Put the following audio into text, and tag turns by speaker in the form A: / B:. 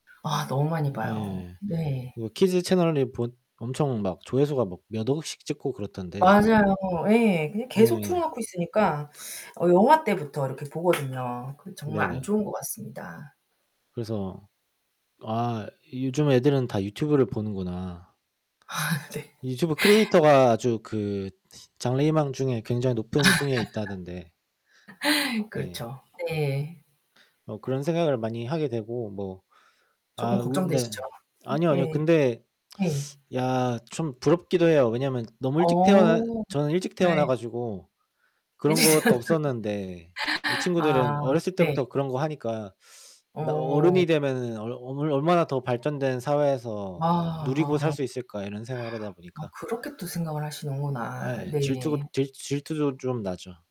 A: 아 너무 많이
B: 아
A: 봐요.
B: 예.
A: 네.
B: 뭐 키즈 채널이 보 엄청 막 조회수가 막 몇 억씩 찍고 그렇던데
A: 맞아요, 예, 그냥 계속 틀어
B: 예.
A: 놓고 있으니까 어 영아 때부터 이렇게 보거든요. 그 정말 안
B: 네네.
A: 좋은 것 같습니다.
B: 그래서 아 요즘 애들은 다 유튜브를 보는구나.
A: 아 네.
B: 유튜브 크리에이터가 아주 그 장래 희망 중에 굉장히 높은 순위에 있다던데 네.
A: 그렇죠. 네.
B: 뭐 그런 생각을 많이 하게 되고 뭐 아
A: 쪼끔
B: 우리 네
A: 걱정되시죠?
B: 아니요, 아니요.
A: 예.
B: 근데
A: 예.
B: 야 좀 부럽기도 해요. 왜냐면 너무 일찍 태어나
A: 어
B: 저는 일찍 태어나
A: 네.
B: 가지고 그런
A: 이제
B: 것도
A: 저는
B: 없었는데 이 친구들은
A: 아,
B: 어렸을
A: 네.
B: 때부터 그런 거 하니까 나
A: 어.
B: '어른이 되면 얼 얼 얼마나 더 발전된
A: 아
B: 사회에서 누리고 살
A: 아.
B: 수 있을까.' 이런 생각을 하다
A: 아
B: 보니까.
A: 그렇게 또 생각을
B: 아
A: 하시는구나.
B: 예. 질투가
A: 네.
B: 질 질투도 좀 나죠.